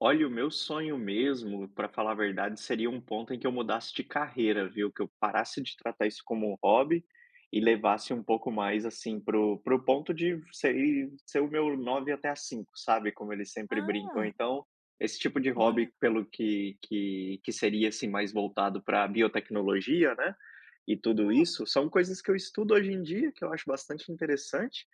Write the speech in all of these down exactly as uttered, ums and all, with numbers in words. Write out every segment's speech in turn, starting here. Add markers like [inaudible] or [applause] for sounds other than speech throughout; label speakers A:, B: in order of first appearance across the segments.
A: Olha, o meu sonho mesmo, pra falar a verdade, seria um ponto em que eu mudasse de carreira, viu? Que eu parasse de tratar isso como um hobby e levasse um pouco mais, assim, pro pro ponto de ser o meu nove até às cinco, sabe? Como eles sempre brincam.
B: Ah.
A: Então, esse tipo de
B: Olha.
A: hobby, pelo que que que seria, assim, mais voltado pra biotecnologia, né, e tudo
B: Oh.
A: isso, são coisas que eu estudo hoje em dia, que eu acho bastante interessante,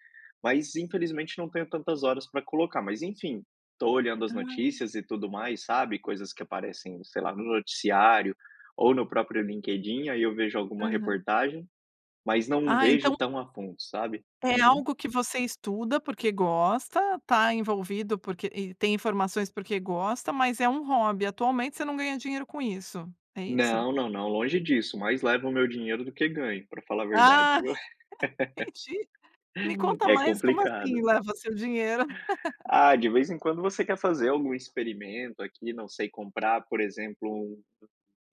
A: mas infelizmente não tenho tantas horas pra colocar. Mas enfim, tô olhando as
B: Ah.
A: notícias e tudo mais, sabe? Coisas que aparecem, sei lá, no noticiário, ou no próprio LinkedIn, aí eu vejo alguma
B: Aham.
A: reportagem. Mas não
B: Ah então
A: vejo tão a fundo, sabe?
B: É
A: Uhum.
B: algo que você estuda porque gosta, tá envolvido porque e tem informações porque gosta mas é um hobby, atualmente você não ganha dinheiro com isso é isso?
A: Não, não, não, longe disso. Mais levam o meu dinheiro do que ganho, pra falar a verdade,
B: Ah,
A: viu?
B: entendi, me
A: [laughs]
B: conta
A: É
B: mais como assim
A: complicado.
B: leva seu dinheiro.
A: Ah, de vez em quando você quer fazer algum experimento aqui, não sei, comprar, por exemplo, um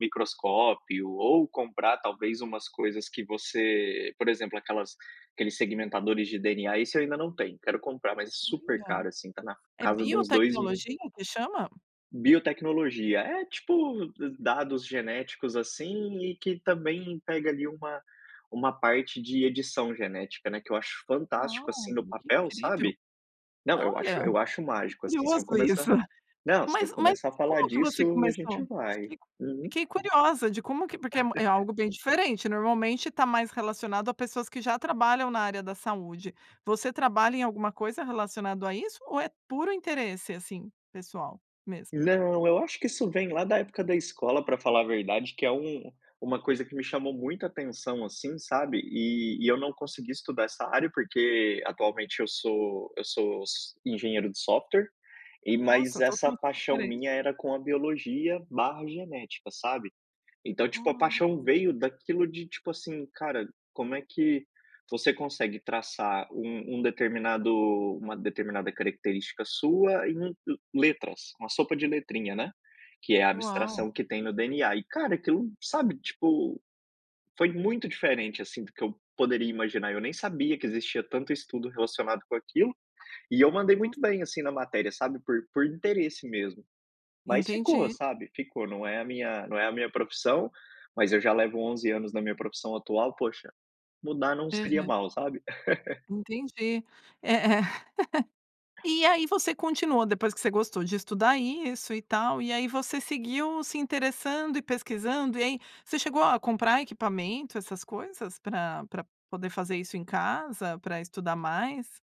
A: microscópio, ou comprar, talvez, umas coisas que você por exemplo aquelas aqueles segmentadores de DNA. Isso eu ainda não tenho, quero comprar mas é super
B: Olha.
A: caro, assim, tá na
B: É
A: casa de uns dois mil
B: biotecnologia o que chama?
A: Biotecnologia. É tipo, d dados genéticos, assim, e que também pega ali uma uma parte de edição genética, né, que eu acho
B: Ah,
A: fantástico, assim, do
B: que
A: papel,
B: incrível.
A: sabe? Não, eu acho
B: Olha,
A: eu acho
B: que
A: mágico, assim, se eu
B: curioso
A: começar,
B: isso.
A: não, se eu
B: Mas, mas
A: começar a falar
B: como que você
A: disso, a
B: começou?
A: gente
B: Me
A: vai.
B: explica.
A: Uhum.
B: Fiquei curiosa de como que me porque é
A: [laughs]
B: algo bem diferente, normalmente está mais relacionado a pessoas que já trabalham na área da saúde. Você trabalha em alguma coisa relacionado a isso, ou é puro interesse assim pessoal mesmo?
A: Não, eu acho que isso vem lá da época da escola, pra falar a verdade, que é um uma coisa que me chamou muita atenção, assim, sabe? E e eu não consegui estudar essa área porque atualmente eu sou eu sou s engenheiro de software. E, mas
B: Nossa, tudo
A: essa
B: muito
A: paixão
B: diferente.
A: minha era com a biologia, barra genética, sabe? Então, tipo a
B: Olha.
A: paixão veio daquilo, de tipo assim: "Cara, como é que você consegue traçar um um determinado uma determinada característica sua em u letras, uma sopa de letrinha", né? Que é a
B: Uau.
A: abstração que tem no DNA. E, cara, aquilo, sabe, tipo, foi muito diferente, assim, do que eu poderia imaginar, eu nem sabia que existia tanto estudo relacionado com aquilo. E eu mandei
B: Nossa, que legal.
A: muito bem, assim, na matéria sabe por por interesse mesmo. Mas ficou,
B: Entendi.
A: sabe. Ficou, não é a minha não é a minha profissão, mas eu já levo onze anos na minha profissão atual, poxa, mudar não seria
B: Aham.
A: mal, sabe? [laughs]
B: Entendi, é, [laughs] aí você continua depois que você gostou de estudar isso e tal, e aí você seguiu se interessando e pesquisando, e aí, você chegou a comprar equipamento, essas coisas pra pra poder fazer isso em casa, pra estudar mais?